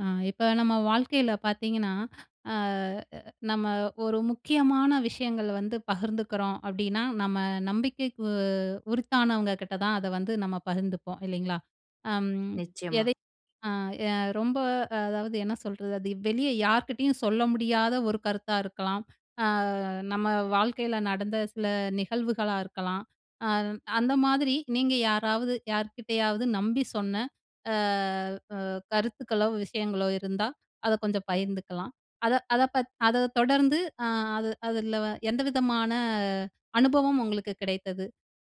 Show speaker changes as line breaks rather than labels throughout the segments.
அ இப்ப நம்ம வாழ்க்கைல பார்த்தீங்கன்னா, அ அ நம்ம ஒரு முக்கியமான விஷயங்கள வந்து பகிர்ந்துக்கிறோம் அப்படின்னா. நம்ம நம்பிக்கைக்கு உருத்தானவங்க கிட்ட தான் அத வந்து நம்ம பகிர்ந்துப்போம் இல்லைங்களா? அம்
நிச்சயமா.
எதை அ எ ரொம்ப அதாவது என்ன சொல்றது, அது வெளிய யார்க்கிட்டயும் சொல்ல முடியாத ஒரு கருத்தா இருக்கலாம். அ நம்ம வாழ்க்கைல நடந்த சில நிகழ்வுகளா இருக்கலாம். அ அந்த மாதிரி நீங்க யாராவது யார்க்கிட்டயாவது நம்பி சொன்ன அ அ கருத்துக்களோ, விஷயங்களோ இருந்தா, அத கொஞ்சம் பகிர்ந்துக்கலாம். அத அத பத் அத தொடர்ந்து அ அது அதுலவ எந்த விதமான அனுபவம் உங்களுக்கு கிடைத்தது?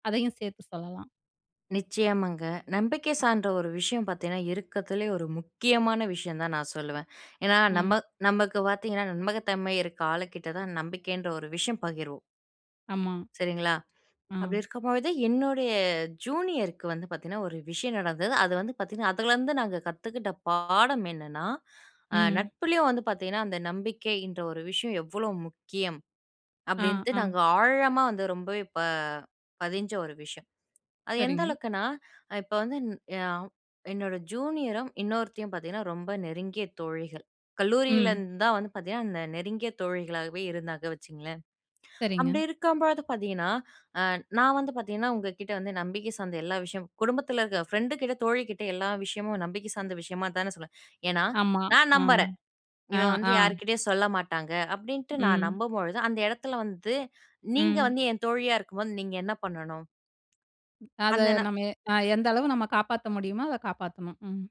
அதையும் சேர்த்து சொல்லலாம்.
நிச்சயமாங்க. நம்பிக்கை சார்ந்த ஒரு விஷயம் பார்த்தீங்கன்னா, இருக்கதுலே ஒரு முக்கியமான விஷயம் தான் நான் சொல்லுவேன். ஏன்னா
ம்.
நம நமக்கு பார்த்தீங்கன்னா, நம்பகத்தன்மை இருக்க ஆளுகிட்ட தான், நம்பிக்கைன்ற ஒரு விஷயம் பகிர்வோம்.
ஆமா.
சரிங்களா?
அ.
அப்படிருக்கும்பொழுது என்னுடைய ஜூனியருக்கு வந்து பார்த்தீங்கன்னா, ஒரு விஷயம் நடந்தது. அது வந்து பார்த்தீங்கன்னா அதுல இருந்து நாங்க கத்துக்கிட்ட பாடம் என்னென்னா, அ
ம்.
நட்புலயும் வந்து பார்த்தீங்கன்னா, அந்த நம்பிக்கைன்ற ஒரு விஷயம் எவ்ளோ முக்கியம்
அ,
அப்டின்ட்டு,
ஆ.
நாங்க ஆழமா வந்து ரொம்பவே ப பதிஞ்ச ஒரு விஷயம். அது எந்த
சரிங்க.
அளவுக்குனா அ இப்ப வந்து [unintelligible] என்னோட ஜூனியரும் இன்னொருத்தியும் பார்த்தீங்கன்னா, ரொம்ப நெருங்கிய தோழிகள்.
ம்.
கல்லூரிலருந்து தான் வந்து பார்த்தீங்கன்னா, இந்த நெருங்கிய தோழிகளாகவே இருந்தாங்க வச்சுக்கங்களேன்.
சரிங்க.
அப்படி இருக்கும்போது பார்த்தீங்கன்னா அ நான் வந்து பார்த்தீங்கன்னா உங்க கிட்ட வந்து நம்பிக்கை சார்ந்த எல்லா விஷயமும் குடும்பத்துல இருக்க. ஃப்ரெண்டுக்கிட்ட தோழிகிட்ட எல்லா விஷயமும் நம்பிக்கை சார்ந்த விஷயமா தான சொல்லுவேன். ஏன்னா
ஆமா.
நான்
அ.
நம்புறேன்.
அ,
இவன் வந்து
ஆ.
யார்க்கிட்டயும் சொல்ல மாட்டாங்க, அப்டின்ட்டு நான்
ம்.
நம்பும்பொழுது அந்த இடத்துல வந்து, நீங்க
ம்.
வந்து என் தோழியா இருக்கும்போது நீங்க என்ன பண்ணணும்?
ம், அத
அந்த ந
நம்ம, அ எந்த அளவு நம்ம காப்பாத்த முடியுமோ, அத காப்பாத்தணும். ம்.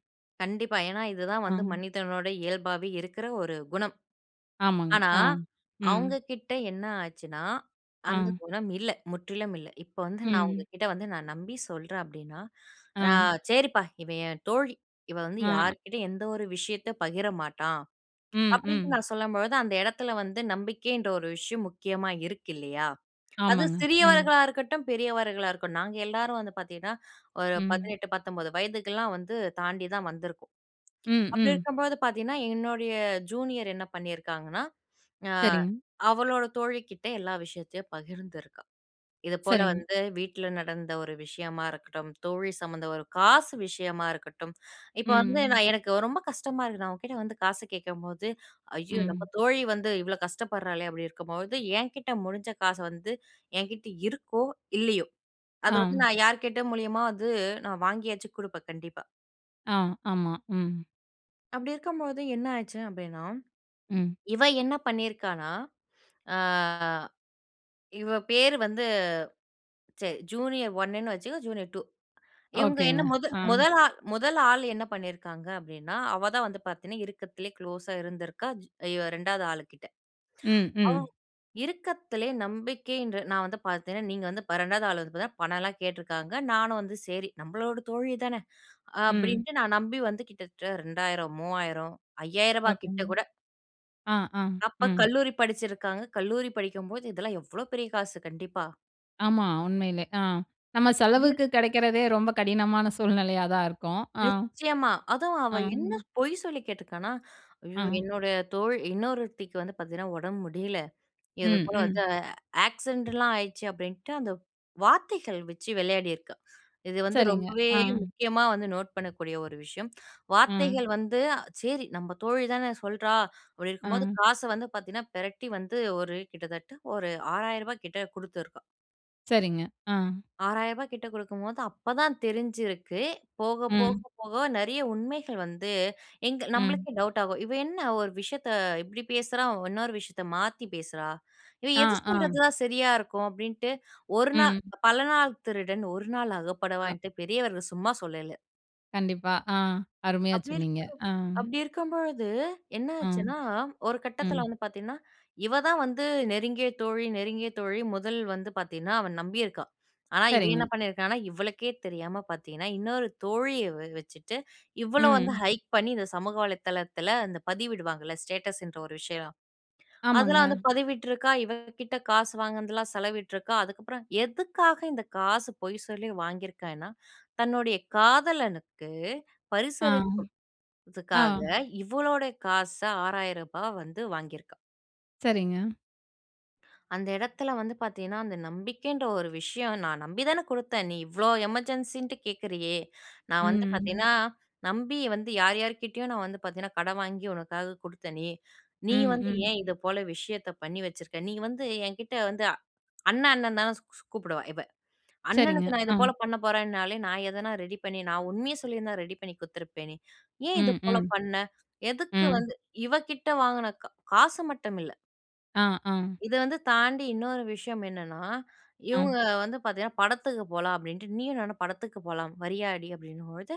கண்டிப்பா, ஏன்னா இது தான் வந்து
அம்.
மனிதனோட இயல்பாவே இருக்குற ஒரு குணம்.
ஆமாங்க,
ஆனா
அம். ம்.
அவுங்ககிட்ட என்ன ஆச்சுன்னா, அந்த
அம்.
குணம் இல்ல! முற்றிலும் இல்ல. இப்ப வந்து நான் உங்க
ம்.
கிட்ட வந்து நான் நம்பி சொல்றேன் அப்டின்னா, "அ
அ.
சரிப்பா, இவ என் தோழி! இவ வந்து
அ.
யார்க்கிட்டயும் எந்த ஒரு விஷயத்த பகிரமாட்டா."
ம்.
அப்படின்னு
ம்.
நான் சொல்லும்பொழுது, அந்த இடத்துல வந்து நம்பிக்கைன்ற ஒரு விஷயம் முக்கியமா இருக்கு இல்லையா? அது
ஆமாங்க. ம்.
சிறியவர்களா இருக்கட்டும், பெரியவர்களா இருக்கட்டும். நாங்க எல்லாரும் வந்து பார்த்தீங்கன்னா. ஒரு
ம்.
18, 19 வயதுக்கெல்லாம் வந்து தாண்டி தான் வந்துருக்கோம்.
ம்.
அப்படி
ம்.
இருக்கும்போது பார்த்தீங்கன்னா, என்னுடைய ஜூனியர் என்ன பண்ணிருக்காங்கன்னா, அ
சரிங்க.
அவளோட தோழி கிட்ட எல்லா விஷயத்தையும் பகிர்ந்துருக்கா. இது போல
சரிங்க.
வந்து வீட்டுல நடந்த ஒரு விஷயமா இருக்கட்டும். தோழி சம்மந்த ஒரு காசு விஷயமா இருக்கட்டும். இப்ப வந்து,
ம்.
நான் எனக்கு ரொம்ப கஷ்டமா இருக்கு. நான் உன்கிட்ட வந்து காசு கேட்கும்போது, "ஐயோ!
ம்.
நம்ம தோழி வந்து இவ்ளோ கஷ்டப்படுறாளே." அப்படி இருக்கும்போது என்கிட்ட முடிஞ்ச காச வந்து. என்கிட்ட இருக்கோ, இல்லயோ. அது வந்து
அம்.
நான் யார்க்கிட்ட மூலியமா வந்து நான் வாங்கியாச்சும் குடுப்பேன் கண்டிப்பா.
அம். ஆமா ம்.
அப்படிருக்கும்போது என்ன ஆச்சு அப்படின்னா.
ம்.
இவ என்ன பண்ணியிருக்கான்னா, அ இவ பேரு வந்து. ச ஜூனியர் 1 வச்சுக்கோ, ஜூனியர் 2. இவங்க என்ன
ஓகேங்க.
முத
அ.
முதலா, 1 ஆள் என்ன பண்ணியிருக்கிறாங்க அப்படின்னா, அவ தான் வந்து பார்த்தீங்கன்னா, இருக்கத்திலே க்ளோஸா இருந்திருக்கா. ஜ் அ 2வது ஆளுகிட்ட.
ம்.
ஓ.
ம்.
இருக்கத்திலே நம்பிக்கை என்று நான் வந்து பார்த்தீங்கன்னா. நீங்க வந்து 2வது ஆள் வந்து பார்த்தா பணம் எல்லாம் கேட்டுருக்கிறாங்க. நானும் வந்து சரி நம்மளோட தோழி தான.
ம்.
அப்படின்டு நான் நம்பி வந்து கிட்டத்தட்ட ரூ.2000, 3000, 5000 கிட்ட
ஓகேங்க.
கூட.
அ, அ.
அப்ப
ம்.
கல்லூரி படிச்சுருக்காங்க. கல்லூரி படிக்கும்போது, இதெல்லாம் எவ்ளோ பெரிய காசு! கண்டிப்பா.
ஆமா உண்மையிலே, அ நம்ம
அப்படியிர்
செலவுக்கு கெடைக்கிறதே ரொம்ப கடினமான சூழ்நிலையா தான் இருக்கும். அ,
நிச்சயமா. அதும் அவ
அ.
என்ன பொய் சொல்லி கேட்டுருக்கானா, "ஐயோ!
அ.
என்னோட தோழ் இன்னொருத்திக்கு வந்து பார்த்தீங்கன்னா உடம்பு முடியல, இது
ம்.
போல வந்து
ம்.
ஆக்சிடென்ட்லாம் ஆயிடுச்சு அப்படின்ட்டு" அந்த வார்த்தைகள் வச்சு விளையாடிருக்கா. இது வந்து
சரிங்க.
ரொம்பவே
அ.
முக்கியமா வந்து நோட் பண்ணக்கூடிய ஒரு விஷயம்.
ம்.
வார்த்தைகள் வந்து சேரி, நம்ம தோழி தானே சொல்றா அப்படி இருக்கும்போது
அ.
காச வந்து பார்த்தீங்கன்னா, பெரட்டி வந்து ஒரு கிட்டத்தட்ட ஒரு ரூ. 6000 கிட்ட கொடுத்துருக்கா!
சரிங்க. அ.
ரூ. 6000 கிட்ட கொடுக்கும்போது அப்ப தான் தெரிஞ்சிருக்கு, போக, போக,
ம்.
போக நெறைய உண்மைகள் வந்து எங்க
ம்.
நம்மளுக்கே டவுட் ஆகும்! "இவ என்ன, ஒரு விஷயத்த இப்படி பேசுறா, இன்னொரு விஷயத்த மாத்தி பேசுறா, இவ
அ.
எது
ஆ.
சொல்றது தான் சரியா இருக்கும்?" அப்படின்ட்டு ஒரு நா
ம்.
பல நாள் திருடன் ஒரு நாள்
அ.
அகப்படுவான்ட்டு பெரியவர்கள் சும்மா சொல்லல!
கண்டிப்பா. அ அருமையா
அப்படி இருக்கு
சொன்னீங்க! அ.
அப்படி இருக்கும்பொழுது, என்ன
அ.
ஆச்சுன்னா, ஒரு கட்டத்துல
ம்.
வந்து பார்த்தீங்கன்னா, இவ தான் வந்து நெருங்கிய தோழி, நெருங்கிய தோழி முதல் வந்து பார்த்தீங்கன்னா, அவ நம்பியிருக்கா. ஆனா இவ என்ன
சரிங்க.
பண்ணியிருக்கான்னா, இவளுக்கே தெரியாம பார்த்தீங்கன்னா இன்னொரு தோழிய வ வச்சுட்டு இவ்வள வந்து
ம்.
ஹைட் பண்ணி இந்த சமூக வலைத்தளத்துல இந்த பதிவிடுவாங்கல்ல? ஸ்டேட்டஸ்ன்ற ஒரு விஷயம், அதெல்லாம்
ஆமாங்க.
வந்து பதிவிட்டுருக்கா. இவ கிட்ட காசு வாங்குனதுலாம் செலவிட்டுருக்கா. அதுக்கப்புறம் எதுக்காக இந்த காசு, பொய் சொல்லி வாங்கியிருக்கான்னா, தன்னுடைய காதலனுக்கு
அ.
பரிசளிப்பு [unintelligible]
ஆ.
அதுக்காக, இவளோடய காச, ரூ. 6000 வந்து வாங்கியிருக்கா.
சரிங்க.
அந்த இடத்துல வந்து பார்த்தீங்கன்னா, அந்த நம்பிக்கைன்ற ஒரு விஷயம். "நான் நம்பி தானே கொடுத்தேன்? நீ இவ்ளோ எமர்ஜென்சின்னுட்டு கேட்கறியே?" நான் வந்து
ம்.
பார்த்தீங்கன்னா, "நம்பி வந்து யார் யார்க்கிட்டயோ, நான் வந்து பார்த்தீங்கன்னா, கடன் வாங்கி உனக்காக கொடுத்தனே! நீ
ம்.
வந்து
ம்.
ஏன் இது போல விஷயத்த பண்ணி வச்சிருக்க. நீ வந்து என்கிட்ட வந்து" அ அண்ண அண்ணன் தான ஸ் ஸ் கூப்பிடுவா இவ,
சரிங்க.
"அண்ணனுக்கு நான் இது
அ.
போல பண்ண போறன்னாலே நான் எதனா ரெடி பண்ணி, நான் உண்மைய சொல்லியிருந்தா ரெடி பண்ணி கொடுத்துருப்பேனே? ஏன் இது
ம்.
போல
ம்.
பண்ண? எதுக்கு
ம்.
வந்து" இவ கிட்ட வாங்குன க காசு மட்டும் இல்ல
அ. அ.
இத வந்து தாண்டி இன்னொரு விஷயம் என்னன்னா. இவங்க
அ.
வந்து பார்த்தீங்கன்னா, படத்துக்கு போலாம் அப்படின்ட்டு. "நீயும் நானும் படத்துக்கு போலாம், வரியாடி?" அப்படின்னும்பொழுது,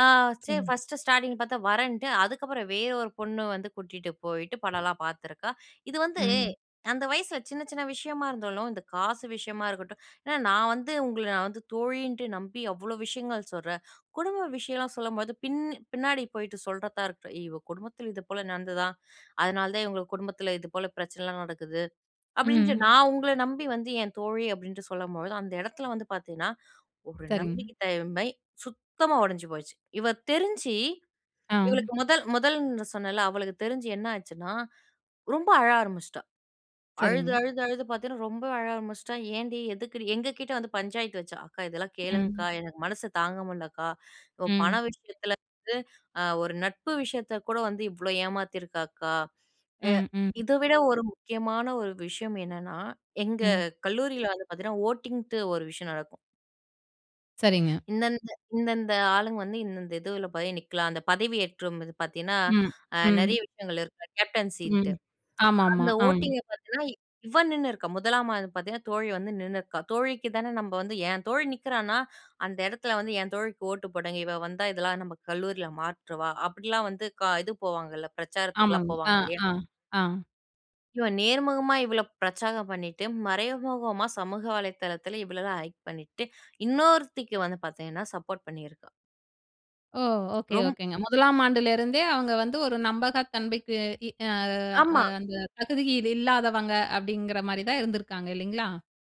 அ சரி
சரிங்
ஃபர்ஸ்ட்டு ஸ்டார்ட்டிங் பார்த்தா வரேன்ன்ட்டு, அதுக்கப்புறம் வேற ஒரு பொண்ணு வந்து கூட்டிட்டு போயிட்டு படம்லாம் பார்த்துருக்கா. இது வந்து,
ம்.
அந்த வயசுல சின்ன சின்ன விஷயமா இருந்தாலும், இந்த காசு விஷயமா இருக்கட்டும் ஏன்னா நான் வந்து உங்கள நான் வந்து தோழின்னுட்டு நம்பி அவ்ளோ விஷயங்கள் சொல்றேன். குடும்ப விஷயம்லாம் சொல்லும்போது பின் பின்னாடி போயிட்டு சொல்றதா இருக்கட்டும். "இவ குடும்பத்துல இதுபோல நடந்ததாம், அதுனால தான் இவங்க குடும்பத்துல இதுபோல பிரச்சனலாம் நடக்குது," அப்படின்ட்டு
ம்.
நான் உங்கள நம்பி வந்து என் தோழி அப்படின்டு சொல்லும்பொழுது, அந்த இடத்துல வந்து பார்த்தீங்கன்னா, ஒரு
சரிங்க.
நம்பிக்கை தன்மை சுத்தமா உடைஞ்சு போச்சு! இவ தெரிஞ்சு,
அ.
இவளுக்கு முதல் முதல்ன்னு சொன்னேன்ல, அவளுக்கு தெரிஞ்சு என்ன ஆச்சுன்னா ரொம்ப அழ ஆரம்பிச்சுட்டா. அழுது,
சரிங்க.
அழுது, அழுது பார்த்தீங்கன்னா ரொம்ப அழ ஆரம்பிச்சிட்டா. ஏன்டி? எதுக்குடி? எங்க கிட்ட வந்து பஞ்சாயத்து வச்சா, "அக்கா இதெல்லாம்
ம்.
கேளுங்க்கா. எனக்கு மனசு தாங்க முடிலக்கா. ஒ பண
ம்.
விஷயத்துல வந்து, அ ஒரு நட்பு விஷயத்த கூட வந்து இவ்ளோ ஏமாத்தியிருக்கா அக்கா!" எ
ம். ம்.
இத விட ஒரு முக்கியமான ஒரு விஷயம் என்னன்னா, எங்க
ம்.
கல்லூரில வந்து பார்த்தீங்கன்னா, ஓட்டிங்னுட்டு ஒரு விஷயம் நடக்கும்.
சரிங்க.
இந்தந்த இந்தந்த ஆளுங்க வந்து இந்தந்த இதுல போய் நிக்கலாம். அந்த பதவியேற்றும் இது பார்த்தீங்கன்னா,
ம்.
அ நெறைய
ம்.
விஷயங்கள் இருக்கு. கேப்டன்ஸின்ட்டு.
ம். ஆமாமா.
அந்த
அம்.
ஓட்டிங்க பார்த்தீங்கன்னா. இவ நின்னுருக்கா. முதலாமாண்டு பார்த்தீங்கன்னா தோழி வந்து நின்னுருக்கா. தோழிக்கு தான நம்ம வந்து என் தோழி நிக்கிறானா, அந்த இடத்துல வந்து என் தோழிக்கு ஓட்டு போடுங்க. இவ வந்தா, இதெல்லாம் நம்ம கல்லூரில மாற்றுவா, அப்படிலாம் வந்து க இது போவாங்கல்ல? பிரச்சாரத்துக்குலாம்
ஆமாங்க. அ.
போவாங்க இல்லையா?
அ. அ.
இவ நேர்முகமா இவ்ளோ பிரச்சாரம் பண்ணிட்டு, மறைமுகமா சமூக வலைதளத்துல இவ்வளலாம் ஹயிட் பண்ணிட்டு. இன்னொருத்திக்கு வந்து பார்த்தீங்கன்னா, சப்போர்ட் பண்ணிருக்கா.
ஓ! ஓகே
ரொம்
ஓகேங்க. 1லாம் ஆண்டுல இருந்தே, அவங்க வந்து ஒரு நம்பகத்தன்மைக்கு இ அ, அ
ஆமா.
அந்த தகுதியில் இல்லாதவங்க அப்படிங்கிற மாரி தான் இருந்திருக்காங்க, இல்லைங்களா?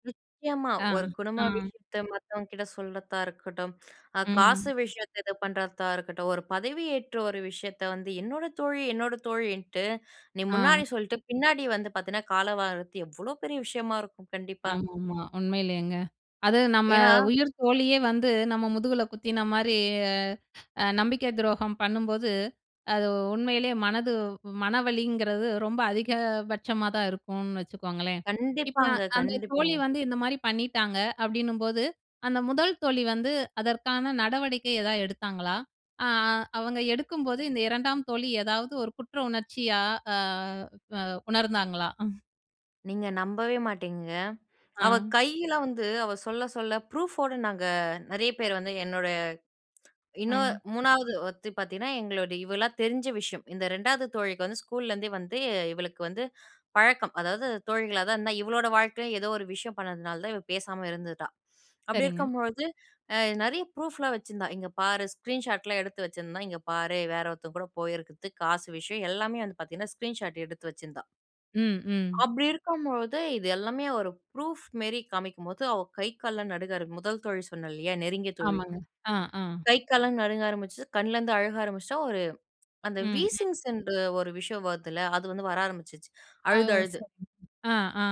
நிச்சயமா.
அ.
ஒரு குடும்ப
அ.
விஷயத்த மத்தவங்கட்ட சொல்றதா இருக்கட்டும். அ காசு
ம்.
விஷயத்த இது பண்ணுறதா இருக்கட்டும். ஒரு பதவி ஏற்ற ஒரு விஷயத்த வந்து என்னோட தோழி என்னோட தோழின்ட்டு. நீ
அ.
முன்னாடி சொல்ட்டு, பின்னாடி வந்து பார்த்தீங்கன்னா, காலவாறது எவ்ளோ பெரிய விஷயமா இருக்கும். கண்டிப்பா.
ஆமாமா. உண்மையிலேங்க. அது நம்ம
ஏன்னா.
உயிர் தோழியே வந்து நம்ம முதுகுல குத்தின மாரி அ, அ நம்பிக்கை துரோகம் பண்ணும்போது. அது உண்மையிலயே மனது மனவலிங்கிறது ரொம்ப அதிக பட்சமாதான் இருக்கும்னு வச்சுக்கோங்களேன். இப்ப நா
கண்டிப்பாங்க,
அந்த தோழி
கண்டிப்பாங்க.
வந்து இந்த மாதிரி பண்ணிட்டாங்க. அப்படின்னும்போது அந்த முதல் தோழி வந்து அதற்கான நடவடிக்கை எதாவது எடுத்தாங்களா? அ அவங்க எடுக்கும்போது, இந்த 2டாம் தோழி எதாவது ஒரு குற்ற உணர்ச்சியா, அ அ அ உணர்ந்தாங்களா?
நீங்க நம்பவே மாட்டீங்கங்க. அவ
அ.
கையில வந்து அவ சொல்ல சொல்ல ப்ரூஃபோட நாங்க, நெறைய பேர் வந்து என்னோட இன்னும்
ம்.
3வது ஒருத்தி பார்த்தீங்கன்னா எங்களோட இவளா தெரிஞ்ச விஷயம். இந்த 2வது தோழிக்கு வந்து ஸ்கூல்லேருந்தே வந்து இவளுக்கு வந்து பழக்கம். அதாவது தோழிகளா தான் இருந்தா இவளோட வாழ்க்கையிலயும் ஏதோ ஒரு விஷயம் பண்ணதுனால தான். இவ பேசாம இருந்துட்டா. அப்படி
சரிங்க.
இருக்கும்பொழுது அ நெறைய ப்ரூஃப்லாம் வச்சிருந்தா. இங்க பாரு ஸ்க்ரீன் ஷாட்லாம் எடுத்து வச்சிருந்தா. இங்க பாரு வேற ஒருத்தங்க கூட போயிருக்கறது, காசு விஷயம் எல்லாமே வந்து பார்த்தீங்கன்னா, ஸ்க்ரீன் ஷாட் எடுத்து வச்சிருந்தா.
ம். ம்.
அப்படி இருக்கும் பொழுது, இது எல்லாமே ஒரு ப்ரூஃப் மேரி காமிக்கும்போது, அவ கை கால்லாம் நடுங்க ஆரம்பி 1 தோழி சொன்னேன் இல்லையா? நெருங்கிய தோழி.
ஆமாங்க. அ, அ.
கை கால்லாம் நடுங்க ஆரம்பிச்சு, கண்லருந்து அழுக ஆரம்பிச்சுட்டா, ஒரு அந்த
ம், ம்.
வீசிங்ஸ் என்று ஒரு விஷயம் வருதுல்ல, அது வந்து வர ஆரம்பிச்சுருச்சு,
ஆ.
அழுது,
ஓ!
அழுது.
சரி, அ, அ.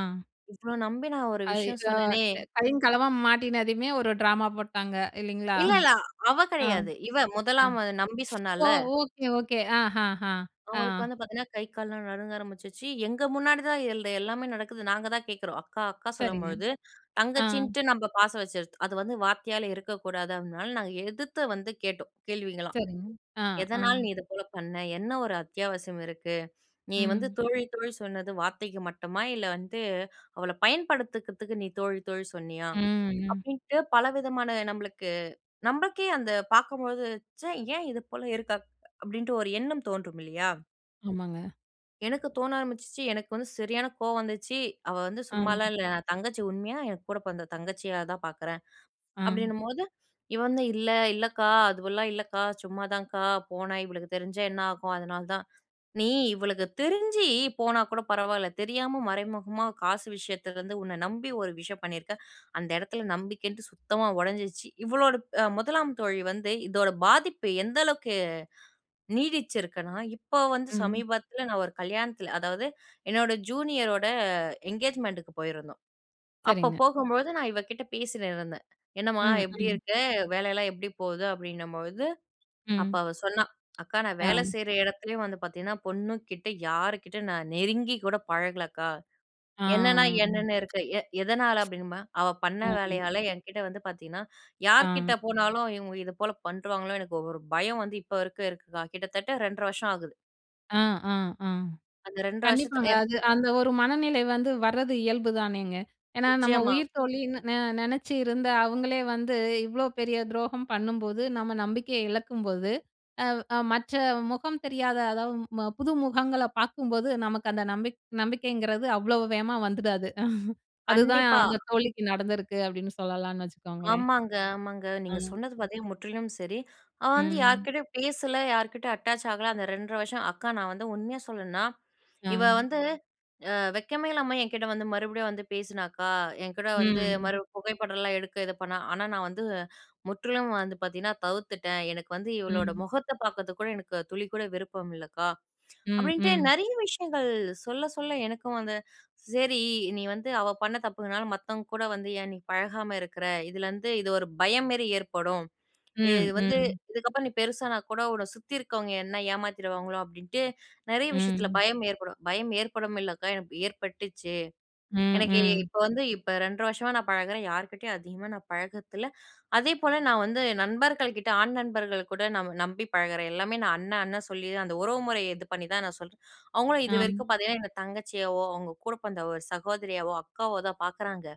இவ்ளோ நம்பி நான் ஒரு விஷயம்
[unintelligible] அ
சொன்னேனே!
கையும், களவுமா மாட்டினதுமே ஒரு டிராமா போட்டாங்க, இல்லைங்களா?
இல்ல, இல்ல. அவ
அ,
கிடையாது. இவ
அ!
1லாம் நம்பி
ஓ!
சொன்னாள்ல.
Okay, okay. அஹாஹா. அ.
அவங்களுக்கு வந்து பார்த்தீங்கன்னா, கை கால்லாம் நடுங்க ஆரம்பிச்சுச்சு. எங்க முன்னாடி தான் இது இந்த எல்லாமே நடக்குது. நாங்க தான் கேட்கிறோம். அக்கா! அக்கா!
சரிங்க.
சொல்லும்பொழுது
அ.
தங்கச்சின்னுட்டு நம்ப பாசம் வச்சுரது. அது வந்து வார்த்தையால இருக்கக்கூடாது. அதனால நாங்க எதிர்த்து வந்து கேட்டோம். கேள்விகலாம்.
சரிங்க. அ, அ.
"எதனால நீ இது போல பண்ண? என்ன ஒரு அத்தியாவசியம் இருக்கு? நீ வந்து
ம்.
தோழி, தோழி சொன்னது வார்த்தைக்கு மட்டுமா? இல்ல வந்து அவள பயன்படுத்துக்கறதுக்கு நீ தோழி, தோழி சொன்னியா?"
ம், ம்.
அப்படின்ட்டு பலவிதமான நம்பளுக்கு நம்பளுக்கே அந்த பார்க்கும்போது, "ச்ச! ஏன் இது போல இருக்கா?" அப்படின்ட்டு ஒரு எண்ணம் தோன்றும் இல்லையா?
ஆமாங்க.
"எனக்கு தோண ஆரம்பிச்சுச்சி. எனக்கு வந்து சரியான கோவம் வந்துச்சி. அவ வந்து
ஆ.
சும்மாலாம் இல்ல. தங்கச்சி, உண்மையா என் கூட பொறந்த தங்கச்சியா தான் பார்க்குறேன்."
ஆ.
அப்படின்னும்போது இவ வந்து, "இல்ல இல்லக்கா, அதுவெல்லாம் இல்லக்கா. சும்மாதாங்க்கா. போனா இவளுக்கு தெரிஞ்சா என்னாகும்? அதனால தான்". "நீ இவளுக்கு தெரிஞ்சி போனா கூட பரவால்ல, தெரியாம மறைமுகமா காசு விஷயத்துலருந்து உன்னை நம்பி ஒரு விஷயம் பண்ணியிருக்க. அந்த இடத்தில நம்பிக்கைன்ட்டு சுத்தமா உடைஞ்சிருச்சி". இவளோட அ முதலாம் தோழி வந்து, இதோட பாதிப்பு எந்தளவுக்கு, நீடிச்சிருக்குன்னா, இப்போ வந்து
ம்.
சமீபத்துல நான் ஒரு கல்யாணத்துல அதாவது என்னோட ஜூனியரோட, எங்கேஜ்மெண்ட்டுக்கு போயிருந்தோம். அப்போ
சரிங்க.
போகும்பொழுது, நான் இவ கிட்ட பேசிட்டு இருந்தேன். "என்னம்மா
ம்.
எப்படி
ம்.
இருக்க? வேலையெல்லாம் எப்படி போகுது?" அப்படின்னும்பொழுது, அப்ப
ம்.
அவ சொன்னா, "அக்கா நான் வேலை
ஆ.
செய்யிற இடத்துலேயே வந்து பார்த்தீங்கன்னா, பொண்ணு கிட்ட யாருகிட்டயும் நான் நெருங்கி கூட பழகல அக்கா.
ஆ..
என்னன்னா, என்னன்னு இருக்கேன்". "எ எதனால?" அப்படின்னுமா, "அவ
அ.
பண்ண
[unintelligible]
வேலையால என்கிட்ட வந்து பார்த்தீங்கன்னா,
ஆ.
யார்க்கிட்ட போனாலும் இவங்க இது போல பண்றுவாங்களோ எனக்கு ஒரு ஒரு பயம் வந்து இப்ப வரைக்கும் இருக்குக்கா". கிட்டத்தட்ட 2 1/2 வருஷம் ஆகுது.
அ, அ, அ.
அந்த 2 1/2
கண்டிப்பாங்க.
வருஷத்திலயே
அது- அந்த ஒரு மனநிலை வந்து வரது இயல்பு தானேங்க? ஏன்னா நம்ம
நிச்சயமா.
உயிர்த்தோழின்னு ந நெனச்சு இருந்த அவங்களே வந்து, இவ்வளோ பெரிய துரோகம் பண்ணும்போது, நம்ம நம்பிக்கைய இழக்கும்போது, அ, அ மற்ற முகம் தெரியாத, அதாவது ம புது முகங்கள பார்க்கும்போது நமக்கு அந்த நம்பிக் நம்பிக்கைங்கிறது அவ்வளோ வேகமா வந்துடாது. அதுதான்
கண்டிப்பா.
அந்த தோழிக்கு நடந்திருக்கு அப்படின்னு சொல்லலான்னு வச்சுக்கோங்களேன்.
ஆமாங்க, ஆமாங்க. நீங்க
அ.
சொன்னது பார்த்தீங்கன்னா முற்றிலும் சரி. அவ வந்து
ம்.
யார்க்கிட்டயும் பேசல. யார்க்கிட்டயும் அட்டாச் ஆகல, அந்த 2 1/2 வருஷம். "அக்கா, நான் வந்து உண்மையா சொல்லணுன்னா, இவ
அ.
வந்து, அ வெட்கமே இல்லாம என்கிட்ட வந்து மறுபடியும் வந்து பேசினாக்கா. என்கூட வந்து,
ம்.
மறுபடியும் புகைப்படம்லாம் எடுக்க இது பண்ணா. ஆனா நான் வந்து, முற்றிலும் வந்து பார்த்தீங்கன்னா, தவிர்த்துட்டேன். எனக்கு வந்து இவளோட
ம்.
முகத்த பார்க்கறதுக்கு கூட, எனக்கு துளி கூட விருப்பம் இல்லக்கா"
ம்.
அப்படின்ட்டு
ம்.
நெறைய விஷயங்கள், சொல்ல, சொல்ல எனக்கும் வந்து, "சரி. நீ வந்து அவ பண்ண தப்புனால மத்தவங்க கூட வந்து ஏன் நீ பழகாம இருக்குற? இதிலருந்து இது ஒரு பயம் மேரி ஏற்படும்.
ம்,
இது வந்து
ம்.
இதுக்கப்பறம் நீ பெருசானா கூட உன்னை சுத்தி இருக்கவங்க, என்ன ஏமாத்திருவாங்களோ? அப்படின்ட்டு நிறைய விஷயத்துல
ம்.
பயம் ஏற்படும்". "பயம் ஏற்படும் இல்லக்கா, எனக்கு ஏற்பட்டுச்சு.
ம்.
எனக்கு
ம்.
இப்போ வந்து இப்ப 2 1/2 வருஷமா நான் பழகுறேன். யார்க்கிட்டயும் அதிகமா நான் பழகறத்தில்ல. அதேபோல நான் வந்து நண்பர்கள் கிட்ட, ஆண் நண்பர்கள் கூட ந நம்பி பழகுறேன். எல்லாமே நான் அண்ணன், அண்ணன் சொல்லியே தான், அந்த உறவுமுறையை இது பண்ணி தான் நான் சொல்றேன். அவங்களும்
அ.
இதுவரைக்கும் பார்த்தீங்கன்னா, என்ன தங்கச்சியாவோ, அவங்க கூட பொறந்த ஒரு சகோதரியாவோ, அக்காவாவோ தான் பார்க்குறாங்க.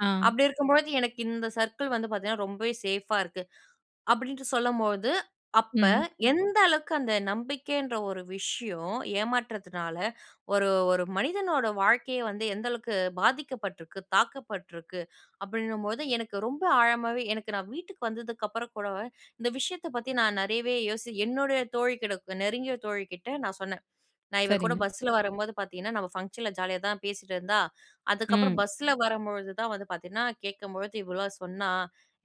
ஆ.
அப்படி இருக்கும்பொழுது எனக்கு இந்த சர்க்கிள் வந்து பார்த்தீங்கன்னா, ரொம்பவே சேஃப்பா இருக்கு". அப்படின்ட்டு சொல்லும்போது, அப்ப
ம்.
எந்த அளவுக்கு அந்த நம்பிக்கை என்ற ஒரு விஷயம், ஏமாற்றத்துனால ஒரு ஒரு மனிதனோட வாழ்க்கையே வந்து எந்த அளவுக்கு பாதிக்கப்பட்டிருக்கு, தாக்கப்பட்டிருக்கு, அப்படின்னும்பொழுது எனக்கு ரொம்ப ஆழமாவே எனக்கு நான் வீட்டுக்கு வந்ததுக்கு அப்புறம் கூட, இந்த விஷயத்தை பத்தி நான் நெறையவே யோசி என்னுடைய தோழி கிட்டக்க, நெருங்கிய தோழி கிட்ட நான் சொன்னேன். "நான் இவ கூட
சரிங்க.
பஸ்ஸில வரும்போது பார்த்தீங்கன்னா, நம்ம ஃபங்ஷன்ல ஜாலியா தான் பேசிட்டிருந்தா. அதுக்கப்பறம்
ம்.
பஸ்ஸில வரும்பொழுது தான் வந்து பார்த்தீங்கன்னா, கேட்கும் பொழுது இவ்ளோலாம் சொன்னா.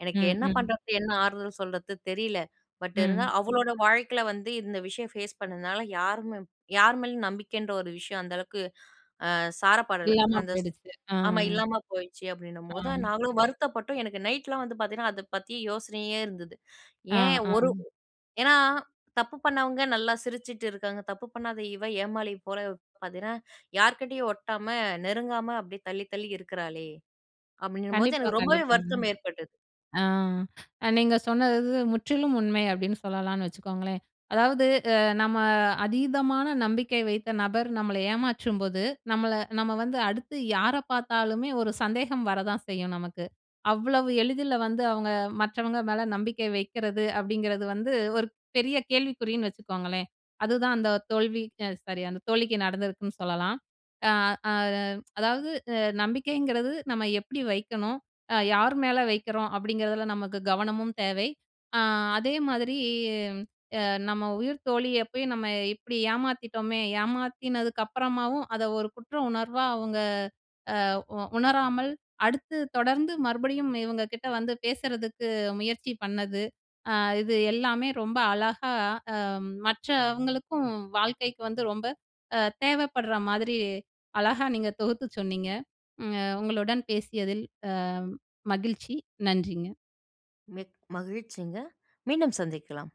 எனக்கு
ம்.
என்ன
ம்.
பண்ணுறது, என்ன ஆறுதல் சொல்றது தெரியல. பட்
ம்.
இருந்தாலும், அவளோட வாழ்க்கையில வந்து இந்த விஷயம் ஃபேஸ் பண்ணதுனால யாருமே யார் மேலயும் நம்பிக்கைன்ற ஒரு விஷயம் அந்த அளவுக்கு அ சார பாடல".
இல்லாம
அந்த
போயிடுச்சு. அ,
ஆமா
அ.
இல்லாம போயிடுச்சி. அப்படின்னும்போது
அ.
நாங்களும் வருத்தப்பட்டோம். எனக்கு நைட்லாம் வந்து பார்த்தீங்கன்னா, அதை பத்தி யோசனையே இருந்தது.
அ
"ஏன்
அ.
ஒரு ஏன்னா தப்பு பண்ணவங்க நல்லா சிரிச்சுட்டு இருக்காங்க. தப்பு பண்ணாத இவ ஏமாளி போல பார்த்தீங்கன்னா, யார்க்கிட்டயும் ஒட்டாம, நெருங்காம அப்படியே தள்ளி, தள்ளி இருக்குறாளே". அப்படின்னும்போது
கண்டிப்பா
எனக்கு ரொம்பவே
கண்டிப்பாங்க.
வருத்தம் ஏற்பட்டது.
அ. அ நீங்க சொன்னது முற்றிலும் உண்மை அப்படின்னு சொல்லலான்னு வச்சுக்கோங்களேன். அதாவது அ நம்ம, அதீதமான நம்பிக்கை வைத்த நபர் நம்மளை ஏமாற்றும்போது, நம்மள நம்ம வந்து அடுத்து யார பார்த்தாலுமே ஒரு சந்தேகம் வர தான் செய்யும், நமக்கு. அவ்வளவு எளிதில வந்து அவங்க மற்றவங்க மேல நம்பிக்கை வைக்கிறது, அப்படிங்கிறது வந்து, ஒரு பெரிய கேள்விக்குறின்னு வச்சுக்கோங்களேன். அதுதான் அந்த தோல்விக்கு அ, சாரி அந்த தோழிக்கு நடந்திருக்குன்னு சொல்லலாம். அ அத "அதாவது அ நம்பிக்கைங்கிறது, நம்ம எப்படி வைக்கணும், அ யாரு மேல வைக்கிறோம்", அப்படிங்கிறதில நமக்கு கவனமும் தேவை. "அ அதே மாதிரி அ நம்ம உயிர் தோழிய போயி, நம்ம இப்படி ஏமாத்திட்டோமே! ஏமாத்தினதுக்கு அப்புறமாவும், அதை ஒரு குற்ற உணர்வா அவுங்க அ உ உணராமல், அடுத்து தொடர்ந்து மறுபடியும் இவங்க கிட்ட வந்து பேசறதுக்கு முயற்சி பண்ணது". அ இது எல்லாமே ரொம்ப அழகா அ, மற்றவங்களுக்கும் வாழ்க்கைக்கு வந்து ரொம்ப அ, தேவைப்படுற மாதிரி, அழகா நீங்க தொகுத்து சொன்னீங்க. ம் அ உங்களுடன் பேசியதில் அ, மகிழ்ச்சி. நன்றிங்க.
மிக் மகிழ்ச்சிங்க. மீண்டும் சந்திக்கலாம்.